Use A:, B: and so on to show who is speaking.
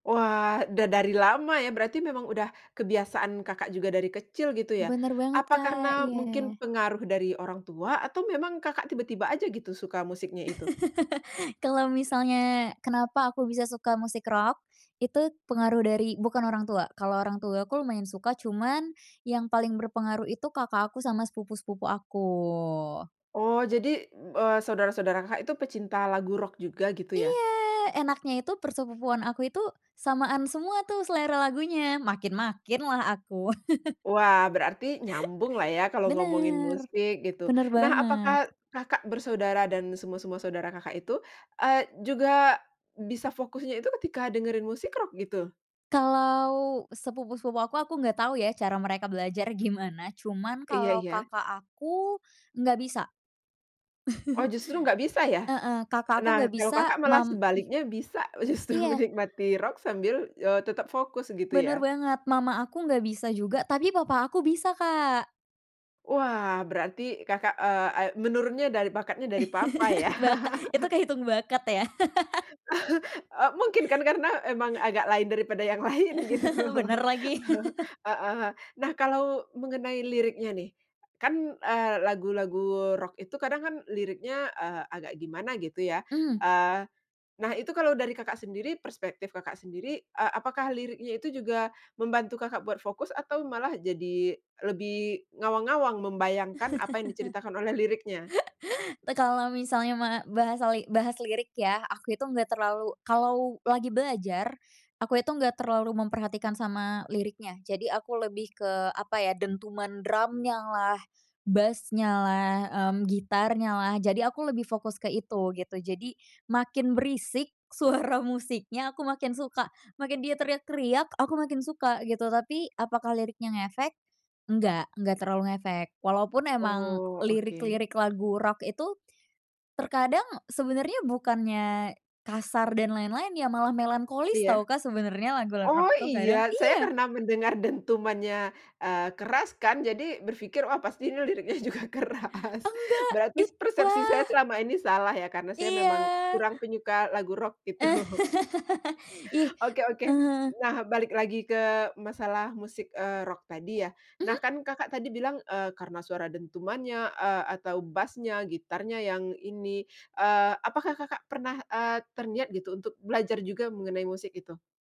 A: Wah dah dari lama ya berarti memang udah kebiasaan Kakak juga dari kecil gitu ya,
B: Bener banget
A: apa
B: Kak,
A: karena
B: iya.
A: mungkin pengaruh dari orang tua atau memang Kakak tiba-tiba aja gitu suka musiknya itu?
B: Kalau misalnya kenapa aku bisa suka musik rock, itu pengaruh dari bukan orang tua, kalau orang tua aku lumayan suka cuman yang paling berpengaruh itu kakak aku sama sepupu-sepupu aku.
A: Oh jadi, eee, saudara-saudara Kakak itu pecinta lagu rock juga gitu ya?
B: Iya enaknya itu per sepupuan aku itu, samaan semua tuh selera lagunya, makin-makinlah aku.
A: Wah berarti nyambunglah ya kalau ngomongin
B: Bener,
A: musik gitu.
B: bener
A: Nah apakah
B: banget.
A: Kakak bersaudara dan semua-semua saudara Kakak itu, eee, juga bisa fokusnya itu ketika dengerin musik rock gitu?
B: Kalau sepupu-sepupu aku, aku gak tau ya cara mereka belajar gimana cuman
A: Iya
B: kalo
A: iya.
B: kakak aku, nggak bisa.
A: Oh justru nggak bisa ya?
B: Heeh, kakak aku
A: Nah
B: nggak
A: kalau
B: bisa
A: Kakak malah
B: mam mhm,
A: sebaliknya bisa justru
B: iya.
A: menikmati rock sambil, eee, tetap fokus gitu ya.
B: Bener banget, mama aku nggak bisa juga tapi papa aku bisa Kak.
A: Wah berarti Kakak, eee eee, menurunnya dari bakatnya dari papa ya.
B: Baka itu kehitung bakat ya.
A: Eee, mungkin kan karena emang agak lain daripada yang lain gitu,
B: Bener lagi.
A: heeh, nah kalau mengenai liriknya nih, kan, eee lagu-lagu rock itu kadang kan liriknya, eee, agak gimana gitu ya,
B: Mmm.
A: eee, nah itu kalau dari Kakak sendiri perspektif Kakak sendiri, eee, apakah liriknya itu juga membantu Kakak buat fokus atau malah jadi lebih ngawang-ngawang membayangkan apa yang diceritakan oleh liriknya?
B: Eee, kalo misalnya mah bahasali bahas lirik ya aku itu nggak terlalu kalo lagi belajar, aku itu nggak terlalu memperhatikan sama liriknya. Jadi aku lebih ke apa ya, dentuman drumnyalah, bass-nyalah, mmm, gitarnyalah jadi aku lebih fokus ke itu gitu. Jadi makin berisik suara musiknya aku makin suka, makin dia teriak-teriak aku makin suka gitu, tapi apakah liriknya ngefek? Enggak enggak terlalu ngefek. Walaupun emang
A: Oh oke.
B: lirik-lirik lagu rock itu, terkadang sebenernya bukannya kasar dan lain-lain ya malah melankolis
A: Iya,
B: tau Kak sebenernya lagu
A: oh
B: rock-rock tuh
A: iya
B: kadang
A: saya
B: iya.
A: karena mendengar dentumannya, eee, keras kan jadi berpikir, "Wah pasti ini liriknya juga keras,"
B: Enggak
A: berarti
B: it
A: persepsi saya
B: wah.
A: selama ini salah ya karena saya memang
B: Iya.
A: kurang penyuka lagu rock gitu.
B: Ih,
A: Oke oke,
B: heeh.
A: nah balik lagi ke masalah musik, eee, rock tadi ya, nah
B: Mhm.
A: kan Kakak tadi bilang, eee, karena suara dentumannya, eee, atau bass-nya, gitarnya yang ini, eee, apakah Kakak pernah, eee, terniat gitu untuk belajar juga mengenai musik itu?